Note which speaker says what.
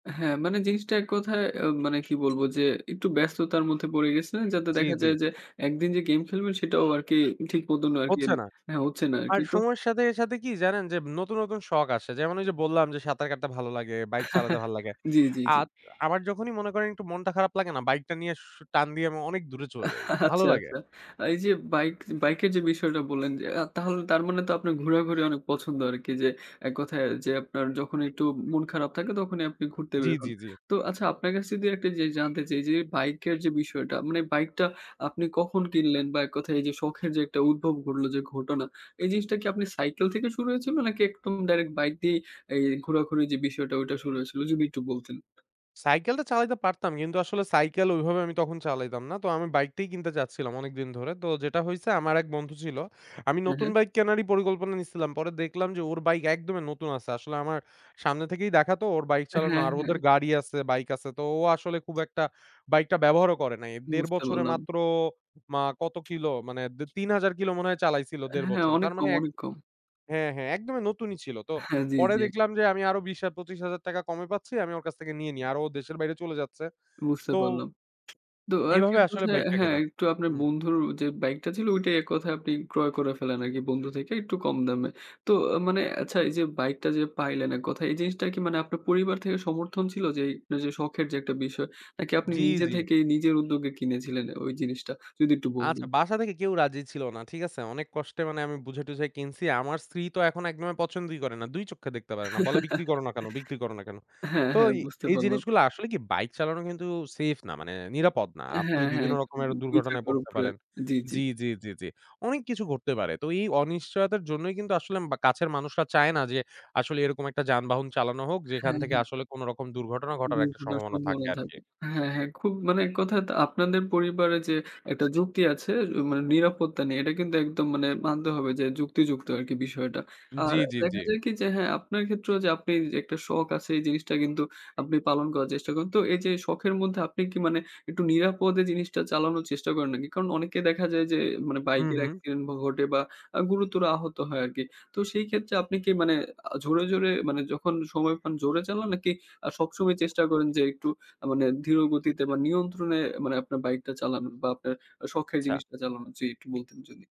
Speaker 1: হ্যাঁ। মানে, জিনিসটা ১ কথায়, আ মানে কি বলবো যে, একটু ব্যস্ততার মধ্যে পড়ে গেছে, যাতে
Speaker 2: জ্বী,
Speaker 1: দেখা
Speaker 2: জ্বী।
Speaker 1: যায় যে, একদিন যে গেইম খেলবেন সেটাও আরকি, ঠিক মতন আরকি
Speaker 2: হচ্ছে না।
Speaker 1: হ্যাঁ, হচ্ছে না
Speaker 2: আর
Speaker 1: আরকি, তো
Speaker 2: সময়ের সাথে, সাথে কি জানেন যে, নতুন, নতুন শখ আসে। যেমন ওই যে বললাম যে, সাঁতার কাটতে ভালো লাগে, বাইক চালাতে ভালো লাগে।
Speaker 1: জ্বী, জ্বী, জ্বী।
Speaker 2: আত আমার যখনই মনে করেন একটু মনটা খারাপ লাগে না? বাইকটা নিয়ে সু টান দিয়ে, আমি অনেক দূরে চলে যাই। ভালো
Speaker 1: আচ্ছা,
Speaker 2: লাগে।
Speaker 1: আচ্ছা। আ এই যে বাইক, বাইকের যে বিষয়টা বললেন যে, আ তাহলে তার মানে তো, আপনার ঘোরাঘুরি অনেক পছন্দ আরকি, যে ১ কথায় যে, আপনার যখন একটু ম মন খারাপ থাকে, তখনই আপনি ঘুরতে
Speaker 2: জ্বী,
Speaker 1: বের হন।
Speaker 2: জ্বী, জ্বী।
Speaker 1: তো আচ্ছা, আপনার কাছে যদি একটা জিনিস জানতে চাই যে, বাইকের যে বিষয়টা, মানে বাইকটা আপনি কখন কিনলেন? বা ১ কথায় এই যে, শখের যে একটা উদ্ভব ঘটলো যে ঘটনা, এই জিনিসটা কি আপনি সাইকেল থেকে শুরু হয়েছিল? নাকি, একদম ডাইরেক্ট বাইক দিয়েই এ এই ঘোরাঘুরি যে বিষয়টা, ওইটা শুরু হয়েছিল? যদি একটু বলতেন।
Speaker 2: সাইকেলটা চালাইতে পারতাম, কিন্তু আসলে সাইকেল ওইভাবে আমি তখন চালাইতাম না। তো আমি বাইকটাই কিনতে চাচ্ছিলাম, অনেকদিন ধরে। তো যেটা হইছে ,আমার এক বন্ধু ছিল। আমি
Speaker 1: হ্যাঁ,
Speaker 2: নতুন
Speaker 1: হ্যাঁ।
Speaker 2: বাইক কেনারই পরিকল্পনা নিসিলাম। পরে দেখলাম যে ওর বাইক একদমই নতুন আছে। আসলে আমার সামনে থেকেই দেখা তো, ওর বাইক চালানো
Speaker 1: হ্যাঁ,
Speaker 2: আর
Speaker 1: হ্যাঁ।
Speaker 2: ওদের গাড়ি আছে, বাইক আছে; তো ও আসলে খুব একটা বাইকটা ব্যবহারও করে নাই। ১.৫
Speaker 1: বুঝতে
Speaker 2: বছরে
Speaker 1: পারলাম।
Speaker 2: মাত্র মা কত কিলো মানে দে ৩,০০০ কিলো মনে হয় চালাইছিলো ১.৫
Speaker 1: হ্যাঁ।
Speaker 2: বছরে।
Speaker 1: অনেক
Speaker 2: তার মানে
Speaker 1: কম,
Speaker 2: এক
Speaker 1: অনেক কম।
Speaker 2: হ্যাঁ, হ্যাঁ, একদমই নতুনই ছিল। তো,
Speaker 1: হ্যাঁ। জ্বী,
Speaker 2: পরে
Speaker 1: জ্বী।
Speaker 2: দেখলাম যে আমি আরো ৳২০,০০০ - ৳২৫,০০০ টাকা কমে পাচ্ছি, আমি ওর কাছ থেকে নিয়ে নিই আর, ও দেশের বাইরে চলে যাচ্ছে।
Speaker 1: বুঝতে
Speaker 2: তো
Speaker 1: পারলাম। তো, আরকি
Speaker 2: এইভাবে আসলে
Speaker 1: কোথায়
Speaker 2: বাইকটা
Speaker 1: হ্যাঁ,
Speaker 2: কেনা।
Speaker 1: একটু আপনার
Speaker 2: হু।
Speaker 1: ও বন্ধুর যে বাইকটা ছিল, ওইটাই ১ কথায় আপনি ক্রয় করে ফেলেন আরকি, বন্ধু থেকে একটু কম দামে। তো, মানে আচ্ছা এই যে, বাইকটা যে পাইলেন ১ কথায়, এই জিনিসটা কি মানে আপনার পরিবার থেকে সমর্থন ছিল? যে, যে আপনার যে শখের যে একটা বিষয়, নাকি আপনি
Speaker 2: জ্বী,
Speaker 1: নিজে
Speaker 2: জ্বী।
Speaker 1: থেকেই, নিজের উদ্যোগে কিনেছিলেন ওই জিনিসটা? যদি একটু
Speaker 2: আচ্ছা,
Speaker 1: বলেতেন।
Speaker 2: বাসা থেকে কেউ রাজি ছিল না। ঠিক আছে? অনেক কষ্টে মানে, আমি বুঝায়-টুঝায় কিনছি। আমার স্ত্রী তো, এখন একদম পছন্দই করে না। ২ চক্ষে দেখতে পারে না। বলে, "বিক্রি করো না কেন? বিক্রি করো না কেন?"
Speaker 1: হ্যাঁ,
Speaker 2: তো,
Speaker 1: হ্যাঁ। বুঝতে
Speaker 2: এই
Speaker 1: পারলাম।
Speaker 2: জিনিসগুলা আসলে কি, বাইক চালানো কিন্তু সেফ না মানে, নিরাপদ না। আপনি
Speaker 1: হ্যাঁ, হ্যাঁ।
Speaker 2: বিভিন্ন রকমের
Speaker 1: ২
Speaker 2: দুর্ঘটনায়
Speaker 1: চাকার
Speaker 2: পড়তে
Speaker 1: উপরে।
Speaker 2: পারেন।
Speaker 1: জ্বী, জ্বী।
Speaker 2: জ্বী, জ্বী, জ্বী, জ্বী। অনেক কিছু ঘটতে পারে। তো, এই অনিশ্চয়তার জন্যই কিন্তু আসলে বা কাছের মানুষরা চায় না যে, আসলে এরকম একটা যানবাহন চালানো হোক, যেখান
Speaker 1: হ্যাঁ,
Speaker 2: থেকে
Speaker 1: হ্যাঁ।
Speaker 2: আসলে কোনো রকম দুর্ঘটনা ঘটার একটা
Speaker 1: দুর্ঘটনার
Speaker 2: সম্ভাবনা থাকে
Speaker 1: সম্ভাবনা
Speaker 2: আরকি।
Speaker 1: থাকে। হ্যাঁ, হ্যাঁ, খুব মানে ১ কথায় আপনাদের পরিবারে যে একটা যুক্তি আছে; এ মানে, নিরাপত্তা নেই। এটা কিন্তু একদম মানে মানতে হবে যে, যুক্তিযুক্ত আরকি বিষয়টা। আর
Speaker 2: জ্বী, জ্বী,
Speaker 1: দেখা
Speaker 2: জ্বী।
Speaker 1: যায় কি যে, হ্যাঁ আপনার ক্ষেত্রেও যে আপনি একটা শখ আছে, এই জিনিসটা কিন্তু আপনি পালন করার চেষ্টা করেন। তো, এই যে শখের মধ্যে আপনি কি মানে, একটু নিরাপদে জিনিসটা চালানোর চেষ্টা করেন নাকি? কারণ অনেককে দেখা যায় যে, মানে
Speaker 2: হুম,
Speaker 1: বাইকের
Speaker 2: হুম।
Speaker 1: অ্যাক্সিডেন্ট ঘ ঘটে বা আ গুরুতর আহত হয় আরকি। তো সেই ক্ষেত্রে, আপনি কি মানে আ ঝোরে, ঝোরে, মানে যখন সময় পান জোরে চালান? নাকি আ সবসময় চেষ্টা করেন যে, একটু মানে ধীরগতিতে বা নিয়ন্ত্রণে মানে, আপনার বাইকটা চালান বা আপনার আ শখের
Speaker 2: আচ্ছা।
Speaker 1: জিনিসটা চালান? জ্বি একটু বলতেন যদি।